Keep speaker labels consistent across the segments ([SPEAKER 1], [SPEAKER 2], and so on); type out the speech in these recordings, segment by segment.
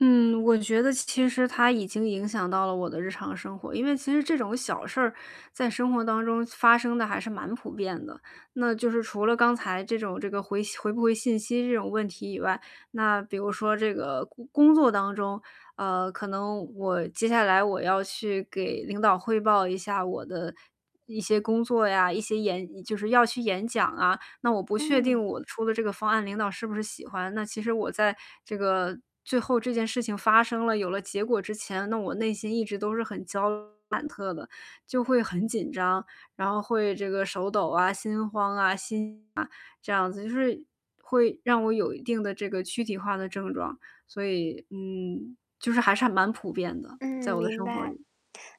[SPEAKER 1] 嗯，我觉得其实它已经影响到了我的日常生活。因为其实这种小事儿，在生活当中发生得还是蛮普遍的，那就是除了刚才这种这个回信回不回信息这种问题以外，那比如说这个工工作当中，呃，可能我接下来我要去给领导汇报一下我的一些工作呀，一些演就是要去演讲啊，那我不确定
[SPEAKER 2] 嗯。
[SPEAKER 1] 我出的这个方案领导是不是喜欢。那其实我在这个最后这件事情发生了，有了结果之前，那我内心一直都是很焦虑忐忑的，就会很紧张。然后会这个手抖啊、心慌啊、心悸啊这样子，就是会让我有一定的这个躯体化的症状。所以，嗯，就是还是还蛮普遍的，
[SPEAKER 2] 嗯，
[SPEAKER 1] 在我的
[SPEAKER 2] 明
[SPEAKER 1] 生活
[SPEAKER 2] 白。
[SPEAKER 1] 里。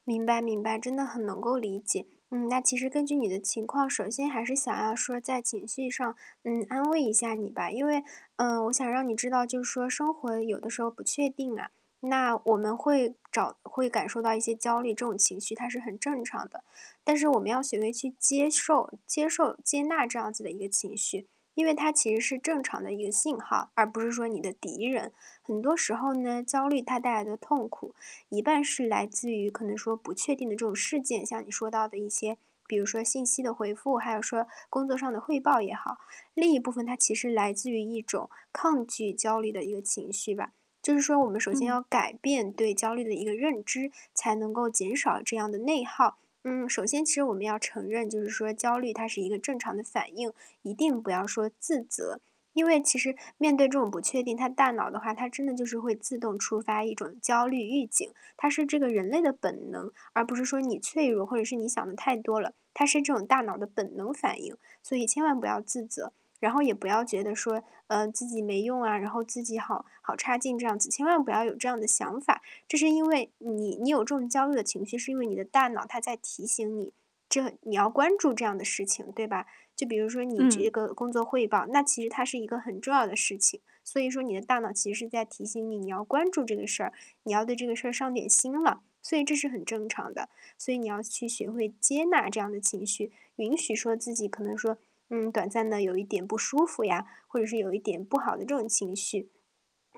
[SPEAKER 2] 明白明白，真的很能够理解。嗯。那其实根据你的情况，首先还是想要说在情绪上，嗯，安慰一下你吧。因为，呃，我想让你知道，就是说生活有的时候不确定啊，那我们会找会感受到一些焦虑，这种情绪它是很正常的。但是我们要学会去接受接受接纳这样子的一个情绪，因为它其实是正常的一个信号，而不是说你的敌人。很多时候呢，焦虑它带来的痛苦，一半是来自于可能说不确定的这种事件，像你说到的一些，比如说信息的回复，还有说工作上的汇报也好。另一部分它其实来自于一种抗拒焦虑的一个情绪吧，就是说我们首先
[SPEAKER 1] 嗯。
[SPEAKER 2] 要改变对焦虑的一个认知，才能够减少这样的内耗。嗯，首先其实我们要承认，就是说焦虑它是一个正常的反应，一定不要说自责。因为其实面对这种不确定，它大脑的话，它真的就是会自动触发一种焦虑预警，它是这个人类的本能，而不是说你脆弱，或者是你想得太多了，它是这种大脑的本能反应。所以千万不要自责，然后也不要觉得说，呃，自己没用啊，然后自己好好差劲这样子，千万不要有这样的想法。这是因为你你有这种焦虑的情绪，是因为你的大脑它在提醒你，这你要关注这样的事情，对吧？就比如说你这
[SPEAKER 1] 嗯。
[SPEAKER 2] 个工作汇报，那其实它是一个很重要的事情。所以说你的大脑其实是在提醒你，你要关注这个事儿，你要对这个事儿上点心了，所以这是很正常的。所以你要去学会接纳这样的情绪，允许说自己可能说，嗯，短暂地有一点不舒服呀，或者是有一点不好的这种情绪。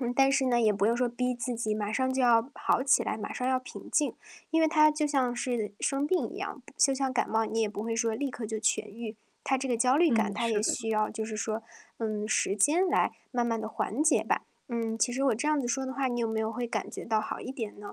[SPEAKER 2] 嗯，但是呢，也不用说逼自己马上就要好起来，马上要平静，因为它就像是生病一样，就像感冒你也不会说立刻就痊愈。它这个焦虑感，
[SPEAKER 1] 嗯，
[SPEAKER 2] 它
[SPEAKER 1] 是
[SPEAKER 2] 也
[SPEAKER 1] 的。
[SPEAKER 2] 需要就是说，嗯，时间来慢慢地缓解吧。嗯，其实我这样子说的话，你有没有会感觉到好一点呢？